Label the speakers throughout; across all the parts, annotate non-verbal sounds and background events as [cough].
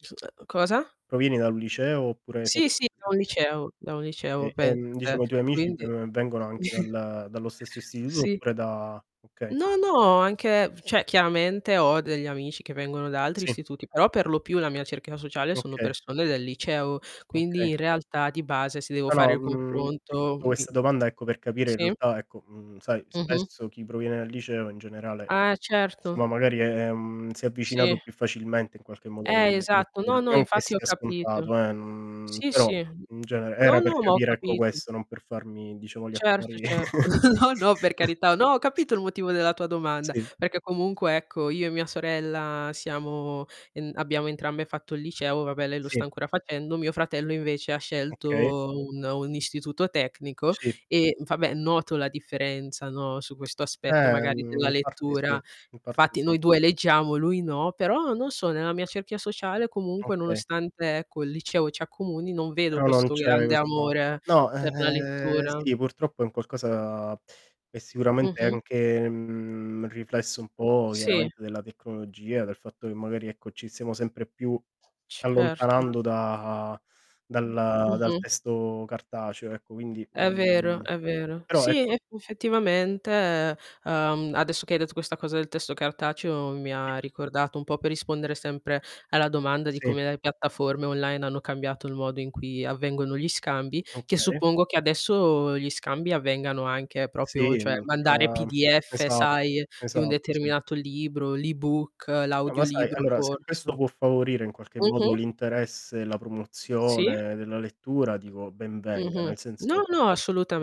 Speaker 1: [unintelligible] Cosa?
Speaker 2: Provieni da un liceo oppure hai fatt
Speaker 1: Sì sì, andavo al
Speaker 2: [unintelligible]
Speaker 1: liceo andavo al liceo
Speaker 2: E
Speaker 1: pensa
Speaker 2: ehm,
Speaker 1: te.
Speaker 2: diciamo, i tuoi amici,
Speaker 1: Quindi
Speaker 2: uhm, vengono anche
Speaker 1: [chuckles]
Speaker 2: dal dallo stesso istituto
Speaker 1: Sì.
Speaker 2: oppure da okay.
Speaker 1: No no, anche cioè chiaramente ho degli amici che vengono da altri
Speaker 2: Sì.
Speaker 1: istituti, però per lo più la mia cerchia sociale sono
Speaker 2: Okay.
Speaker 1: persone del liceo. Quindi,
Speaker 2: Okay.
Speaker 1: in realtà, di base, se devo
Speaker 2: No
Speaker 1: fare
Speaker 2: no,
Speaker 1: il
Speaker 2: mhmm, ti ho
Speaker 1: confronto
Speaker 2: fatto
Speaker 1: mi
Speaker 2: questa domanda, ecco, per capire, in
Speaker 1: sì?
Speaker 2: realtà, ecco, mhmm, sai
Speaker 1: Mh-mh.
Speaker 2: spesso chi proviene dal liceo, in generale
Speaker 1: Ah,
Speaker 2: si,
Speaker 1: certo.
Speaker 2: no magari ehm, si è avvicinato
Speaker 1: Sì.
Speaker 2: più facilmente in qualche modo
Speaker 1: Eh,
Speaker 2: alla
Speaker 1: esatto.
Speaker 2: lettura.
Speaker 1: No no,
Speaker 2: Non che
Speaker 1: infatti ho
Speaker 2: sia
Speaker 1: capito.
Speaker 2: scontato, eh, n
Speaker 1: Sì
Speaker 2: però
Speaker 1: sì.
Speaker 2: in genere
Speaker 1: No
Speaker 2: era per
Speaker 1: no, ma ho
Speaker 2: capire, ecco,
Speaker 1: capito.
Speaker 2: questo non per farmi diciamo gli
Speaker 1: Certo,
Speaker 2: affari.
Speaker 1: certo. [chuckles] No no, per
Speaker 2: [chuckles]
Speaker 1: carità. No ho capito il motivo della tua domanda,
Speaker 2: Sì.
Speaker 1: perché comunque ecco io e mia sorella siamo ehm, abbiamo entrambe fatto il liceo, vabbè lei lo sta
Speaker 2: Sì.
Speaker 1: ancora facendo, mio fratello invece ha
Speaker 2: Okay.
Speaker 1: scelto un un istituto tecnico
Speaker 2: Sì.
Speaker 1: e, vabbè, noto la differenza, no, su questo aspetto magari
Speaker 2: Ehm,
Speaker 1: della
Speaker 2: in parte sì
Speaker 1: lettura.
Speaker 2: in parte
Speaker 1: Infatti
Speaker 2: sì.
Speaker 1: noi due leggiamo, lui no, però non so, nella mia cerchia sociale comunque
Speaker 2: Okay.
Speaker 1: nonostante, ecco, il liceo ci accomuni, non vedo
Speaker 2: Però non
Speaker 1: questo
Speaker 2: c'è
Speaker 1: grande
Speaker 2: questa
Speaker 1: amore
Speaker 2: no,
Speaker 1: per la
Speaker 2: ehm,
Speaker 1: lettura.
Speaker 2: sì, purtroppo è un qualcosa che sicuramente è
Speaker 1: Mh-mh.
Speaker 2: anche, mhmm, riflesso un po'
Speaker 1: Sì.
Speaker 2: chiaramente della tecnologia, del fatto che magari, ecco, ci siamo sempre più
Speaker 1: Certo.
Speaker 2: allontanando da dal dal
Speaker 1: Mh-mh.
Speaker 2: testo cartaceo ecco, quindi,
Speaker 1: È vero,
Speaker 2: uhm,
Speaker 1: è vero.
Speaker 2: però
Speaker 1: Sì,
Speaker 2: ecco
Speaker 1: eff effettivamente, ehm, adesso che hai detto questa cosa del testo cartaceo, mi ha
Speaker 2: Sì.
Speaker 1: ricordato un po' per rispondere sempre alla domanda di
Speaker 2: Sì.
Speaker 1: come le piattaforme online hanno cambiato il modo in cui avvengono gli scambi, che
Speaker 2: Okay.
Speaker 1: suppongo che adesso gli scambi avvengano anche proprio,
Speaker 2: Sì,
Speaker 1: cioè,
Speaker 2: n
Speaker 1: mandare
Speaker 2: [unintelligible]
Speaker 1: PDF,
Speaker 2: esat
Speaker 1: sai, di un
Speaker 2: esatto sì.
Speaker 1: determinato libro, l'ebook,
Speaker 2: No, ma sai,
Speaker 1: l'audiolibro,
Speaker 2: allora, se questo
Speaker 1: forse.
Speaker 2: può favorire in qualche modo
Speaker 1: Mh-mh.
Speaker 2: l'interesse e la
Speaker 1: Sì?
Speaker 2: promozione della lettura, dico, ben venga,
Speaker 1: Mh-mh.
Speaker 2: nel senso,
Speaker 1: No, no,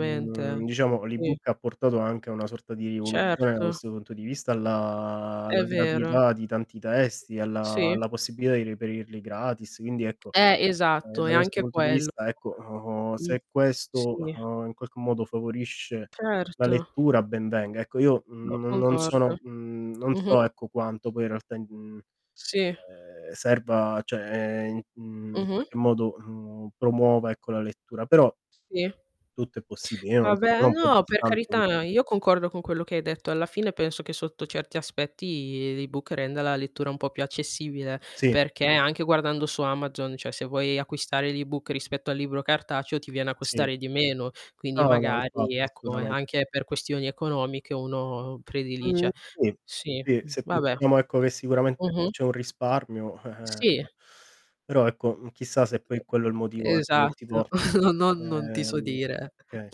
Speaker 2: mhmm, diciamo
Speaker 1: Sì.
Speaker 2: l'ebook ha portato anche a una sorta di rivoluzione da
Speaker 1: Certo.
Speaker 2: questo punto di vista alla
Speaker 1: È
Speaker 2: alla
Speaker 1: vero.
Speaker 2: gratuità di tanti testi, alla
Speaker 1: Sì.
Speaker 2: alla possibilità di reperirli gratis, quindi ecco
Speaker 1: Eh,
Speaker 2: ehm,
Speaker 1: esatto,
Speaker 2: da
Speaker 1: è
Speaker 2: questo
Speaker 1: anche
Speaker 2: punto di
Speaker 1: quello
Speaker 2: vista ecco o
Speaker 1: Mh,
Speaker 2: se
Speaker 1: sì.
Speaker 2: questo, uhm, in qualche modo favorisce la
Speaker 1: Certo.
Speaker 2: lettura ben venga. Ecco, io
Speaker 1: No,
Speaker 2: no non
Speaker 1: concordo.
Speaker 2: sono, mhmm, non so
Speaker 1: Mh-mh.
Speaker 2: ecco quanto poi in realtà i mhmm,
Speaker 1: Sì.
Speaker 2: ehm, serva, cioè, ehm, in
Speaker 1: Mh-mh.
Speaker 2: qualche modo, mhmm, promuova ecco la lettura, però
Speaker 1: Sì.
Speaker 2: tutto è possibile. Io non
Speaker 1: Vabbè,
Speaker 2: sto
Speaker 1: no per
Speaker 2: contestando
Speaker 1: carità,
Speaker 2: questo.
Speaker 1: io concordo con quello che hai detto alla fine, penso che sotto certi aspetti l'ebook renda la lettura un po' più accessibile,
Speaker 2: Sì.
Speaker 1: perché anche guardando su Amazon, cioè se vuoi acquistare l'ebook rispetto al libro cartaceo, ti viene a
Speaker 2: Sì.
Speaker 1: costare di meno, quindi
Speaker 2: No no
Speaker 1: magari
Speaker 2: infatti,
Speaker 1: ecco è
Speaker 2: assolutamen
Speaker 1: anche per questioni economiche uno
Speaker 2: Mhmm,
Speaker 1: predilige
Speaker 2: sì,
Speaker 1: sì,
Speaker 2: sì, se
Speaker 1: vabbè.
Speaker 2: pensiamo ecco che sicuramente
Speaker 1: Mh-mh.
Speaker 2: c'è un risparmio.
Speaker 1: Sì.
Speaker 2: [chuckles] però ecco, m hmm, chissà se poi quello è il motivo, ehm, che ti
Speaker 1: Esatto.
Speaker 2: porta.
Speaker 1: [chuckles] No no, non ti so
Speaker 2: Ehm,
Speaker 1: dire.
Speaker 2: oka